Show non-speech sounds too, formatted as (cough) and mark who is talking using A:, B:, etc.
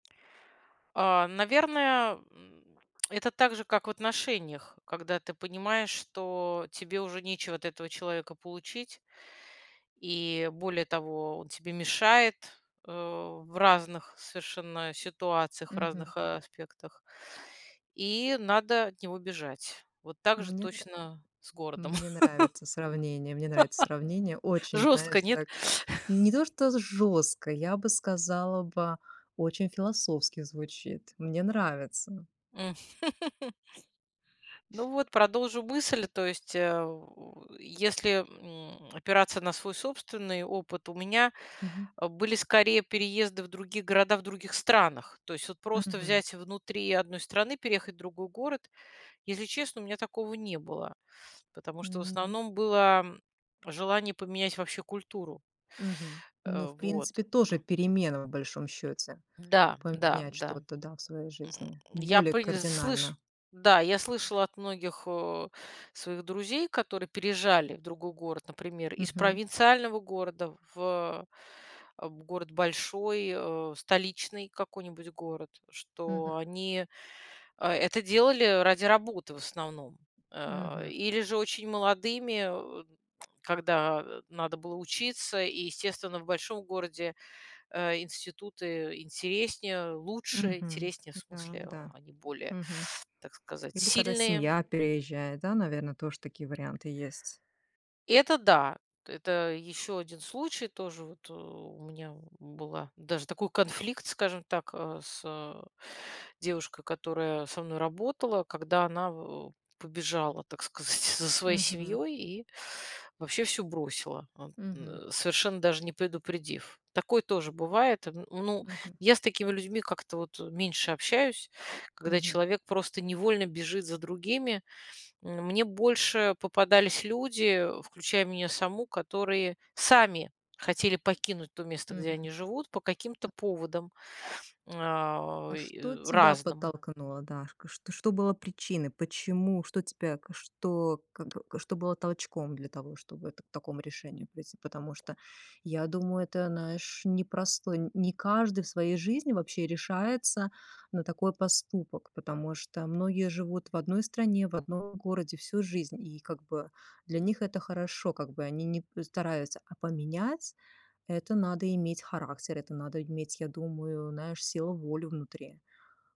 A: А, наверное, м, (clicks tongue) это также, как в отношениях, когда ты понимаешь, что тебе уже нечего от этого человека получить и, более того, он тебе мешает, э, в разных совершенно ситуациях, в
B: Мгм.
A: разных аспектах, и надо от него бежать. Вот так же
B: Мне нра
A: точно с городом.
B: мне нравится сравнение. Мне нравится сравнение.
A: (laughs)
B: Очень, знаешь,
A: Жестко, нет?
B: так не то, что з
A: (chuckles)
B: жестко, я бы сказала бы очень философски звучит. Мне нравится.
A: (laughs) Ну, вот, продолжу мысль, то есть, э, если, м, опираться на свой собственный опыт, у меня,
B: Мгм.
A: э, были скорее переезды в других городах в других странах. То есть вот просто
B: Мгм.
A: взять внутри одной страны, переехать в другой город- если честно, у меня такого не было. Потому что, в
B: М ну.
A: основном, было желание поменять вообще культуру.
B: Мгм. Ну
A: Э,
B: в
A: вот.
B: принципе тоже перемена в большом счете-
A: Да да
B: поменять
A: да.
B: что-то, да, в своей
A: М,
B: жизни
A: я
B: более
A: пыль слышу.
B: кардинально.
A: Да, я слышала от многих, а, своих друзей, которые переезжали в другой город, например, из
B: Мгм.
A: провинциального города в, э, в город большой, э, столичный какой-нибудь город, что
B: Мгм.
A: они, а, это делали ради работы, в основном. А,
B: Мгм.
A: или же очень молодыми, э, когда, э, надо было учиться, и, естественно, в большом городе, э, институты интереснее, лучше.
B: Мгм.
A: Интереснее, в
B: Да
A: смысле
B: да.
A: они более,
B: Мгм.
A: так сказать,
B: Или када
A: сильные.
B: семья переезжает, да, наверное, тоже такие варианты есть.
A: Это да, это еще один случай тоже вот. У меня была даже такой конфликт, скажем так, а, с, э, девушкой, которая со мной работала, когда она в побежала, так сказать, за своей
B: Мгм.
A: семьей и вообще всё бросила, от,
B: Мгм.
A: н совершенно даже не предупредив. Такое тоже бывает. Ну,
B: Мгм.
A: я с такими людьми как-то вот меньше общаюсь, когда
B: Мгм.
A: человек просто невольно бежит за другими. Мне больше попадались люди, включая меня саму, которые сами хотели покинуть то место, где
B: Мгм.
A: они живут, по каким-то
B: М.
A: поводам, а,
B: А
A: и
B: что тебя
A: разным.
B: подтолкнуло, Дашка? Что что было причиной? Почему? Что тебя что, как что было толчком для того, чтобы к так такому решению прийти. Потому что, я думаю, это, знаешь, непростой не каждый в своей жизни вообще решается на такой поступок, потому что многие живут в одной стране, в одном городе всю жизнь, и, как бы, для них это хорошо, как бы они не стараются а поменять- это надо иметь характер, это надо иметь, я думаю, знаешь, силу волю внутри.